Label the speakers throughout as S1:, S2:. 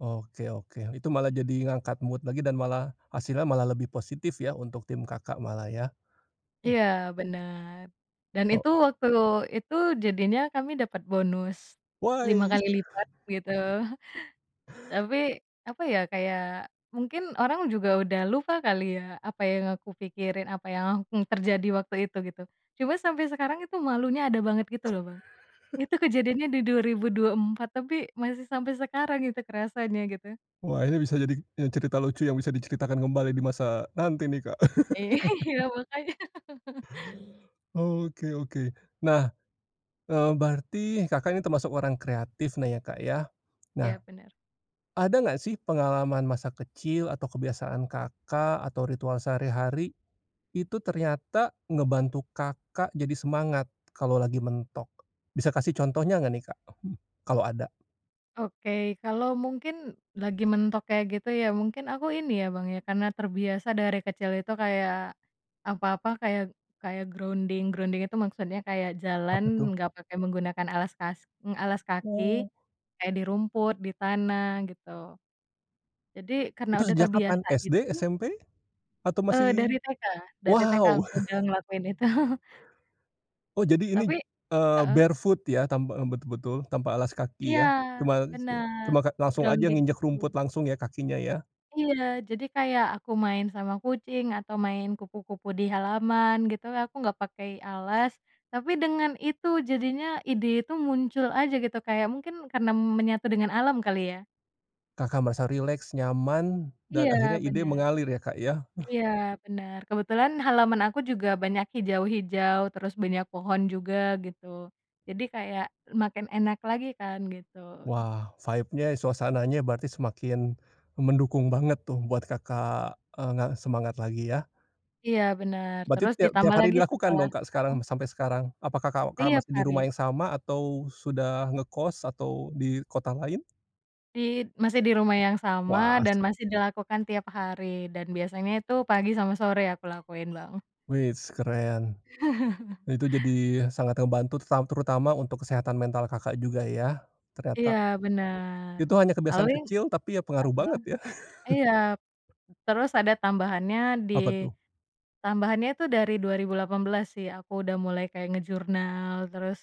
S1: Oke oke itu malah jadi ngangkat mood lagi dan malah, hasilnya malah lebih positif ya untuk tim Kakak malah ya. Hmm.
S2: Iya bener, dan itu
S1: Oh.
S2: waktu itu jadinya kami dapat bonus, lima
S1: Weis.
S2: kali lipat gitu, tapi apa ya kayak mungkin orang juga udah lupa kali ya apa yang aku pikirin apa yang akan terjadi waktu itu gitu, cuma sampai sekarang itu malunya ada banget gitu loh Bang, itu kejadiannya di 2024 tapi masih sampai sekarang itu kerasanya gitu.
S1: Wah ini bisa jadi cerita lucu yang bisa diceritakan kembali di masa nanti nih, Kak.
S2: Iya makanya.
S1: Oke oke, nah, eee, berarti Kakak ini termasuk orang kreatif nah ya Kak ya,
S2: Iya
S1: nah.
S2: bener.
S1: Ada nggak sih pengalaman masa kecil atau kebiasaan Kakak atau ritual sehari-hari, itu ternyata ngebantu Kakak jadi semangat kalo lagi mentok, bisa kasih contohnya nggak nih, Kak? Kalo ada?
S2: Oke kalau mungkin lagi mentok kayak gitu ya mungkin aku ini ya Bang ya karena terbiasa dari kecil itu kayak, apa-apa kayak kayak grounding grounding itu maksudnya kayak jalan
S1: Apa tuh?
S2: enggak pakai menggunakan alas kas alas kaki,
S1: Oh.
S2: kayak di rumput, di tanah gitu, jadi karena
S1: Itu
S2: udah
S1: sejak kapan?
S2: terbiasa
S1: SD?
S2: gitu.
S1: SMP? Atau
S2: Eee,
S1: masih?
S2: dari TK dari TK
S1: Wow.
S2: aku udah ngelakuin itu.
S1: Oh jadi ini,
S2: Tapi,
S1: eee,
S2: heeh.
S1: barefoot ya tanpa betul-betul tanpa alas kaki
S2: Iya,
S1: ya ke mais ya
S2: bener,
S1: kema langsung aja
S2: grounding
S1: nginjek
S2: gitu.
S1: rumput langsung ya kakinya ya.
S2: Iya jadi kayak aku main sama kucing atau main kupu-kupu di halaman gitu aku nggak pakai alas, tapi dengan itu jadinya ide itu muncul aja gitu kayak mungkin karena menyatu dengan alam kali ya?
S1: Kakak merasa rileks, nyaman
S2: Iya
S1: dan akhirnya ide
S2: bener
S1: mengalir ya Kak ya.
S2: iya bener kebetulan halaman aku juga banyak hijau-hijau terus banyak pohon juga gitu, jadi kayak makin enak lagi kan gitu.
S1: Wah vibe-nya suasananya berarti semakin, mendukung banget tuh buat Kakak, eee, ngerasa semangat lagi ya.
S2: Iya bener
S1: Berarti
S2: terus
S1: tiap tiap
S2: ditambah
S1: hari
S2: lagi
S1: dilakukan
S2: setelah,
S1: dong Kak sekarang
S2: heeh.
S1: sampai sekarang? Apakah Kakak
S2: Tiap
S1: masih di rumah
S2: hari.
S1: yang sama atau sudah ngekos atau di kota lain?
S2: [unintelligible] Masih di rumah yang sama
S1: Wah as
S2: dan masih dilakukan tiap hari dan biasanya itu pagi sama sore aku lakuin Bang.
S1: Weis keren, itu jadi sangat ngebantu teru terutama untuk kesehatan mental Kakak juga ya ternyata.
S2: Iya bener,
S1: Itu hanya
S2: lalu
S1: kebiasaan
S2: yang?
S1: kecil tapi ya pengaruh
S2: Heeh,
S1: banget ya.
S2: iya, terus ada tambahannya di,
S1: Apa tuh?
S2: tambahannya itu dari 2018 sih aku udah mulai kayak ngejurnal terus,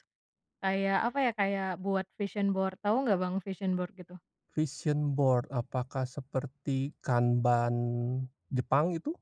S2: kayak apa ya kayak buat vision board tau nggak Bang vision board gitu?
S1: Vision board apakah seperti kanban Jepang gitu?